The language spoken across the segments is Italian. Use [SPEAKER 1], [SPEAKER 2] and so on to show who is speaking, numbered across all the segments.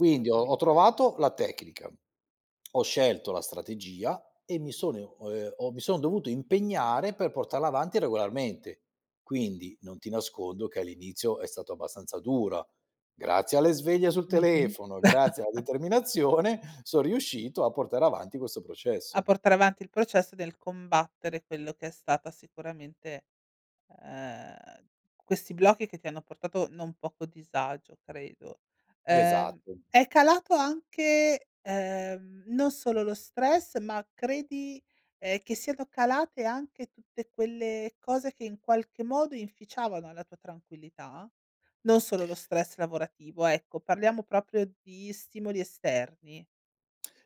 [SPEAKER 1] Quindi ho ho trovato la tecnica, ho scelto la strategia e mi sono o ehm, ho mi son dovuto impegnare per portarla avanti regolarmente. Quindi, non ti nascondo che all'inizio è stato abbastanza dura. Grazie alle sveglie sul
[SPEAKER 2] Mh-mh.
[SPEAKER 1] telefono, grazie alla determinazione, son riuscito a portare avanti questo
[SPEAKER 2] A
[SPEAKER 1] processo.
[SPEAKER 2] portare avanti il processo del combattere quello che è stata sicuramente ehm, questi blocchi che ti hanno portato non poco disagio, credo. Ehm,
[SPEAKER 1] Esatto.
[SPEAKER 2] è calato anche, ehm, non solo lo stress, ma credi, ehm, che siano calate anche tutte quelle cose che in qualche modo inficiavano la tua tranquillità? Non solo lo stress lavorativo, ecco, parliamo proprio di stimoli esterni.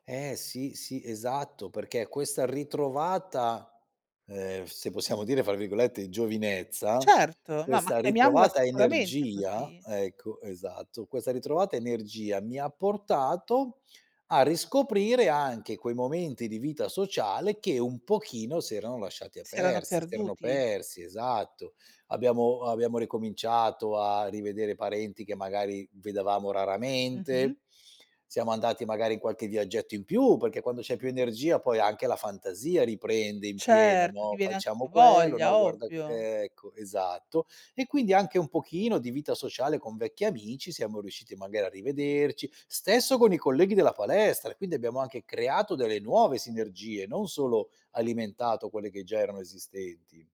[SPEAKER 1] Eh sì, sì, esatto, perché questa ritrovata, ehm, se possiamo dire fra virgolette, "giovinezza",
[SPEAKER 2] Certo, no, ma
[SPEAKER 1] questa
[SPEAKER 2] chiamiamola
[SPEAKER 1] ritrovata
[SPEAKER 2] sicuramente
[SPEAKER 1] energia
[SPEAKER 2] così.
[SPEAKER 1] ecco, esatto, questa ritrovata energia mi ha portato a riscoprire anche quei momenti di vita sociale che, un pochino, si erano lasciati a
[SPEAKER 2] Si erano
[SPEAKER 1] persi, si erano
[SPEAKER 2] perduti.
[SPEAKER 1] persi, esatto; abbiamo abbiamo ricominciato a rivedere parenti che magari vedevamo
[SPEAKER 2] Mh-mh.
[SPEAKER 1] raramente, siamo andati magari in qualche viaggetto in più, perché quando c'è più energia poi anche la fantasia riprende in pieno,
[SPEAKER 2] Certo, ti
[SPEAKER 1] no:
[SPEAKER 2] viene anche
[SPEAKER 1] "Facciamo
[SPEAKER 2] più
[SPEAKER 1] quello, no
[SPEAKER 2] voglia,
[SPEAKER 1] guarda co"
[SPEAKER 2] ovvio.
[SPEAKER 1] ecco, esatto. E quindi anche un pochino di vita sociale con vecchi amici, siamo riusciti magari a rivederci. Stesso con i colleghi della palestra, quindi abbiamo anche creato delle nuove sinergie, non solo alimentato quelle che già erano esistenti.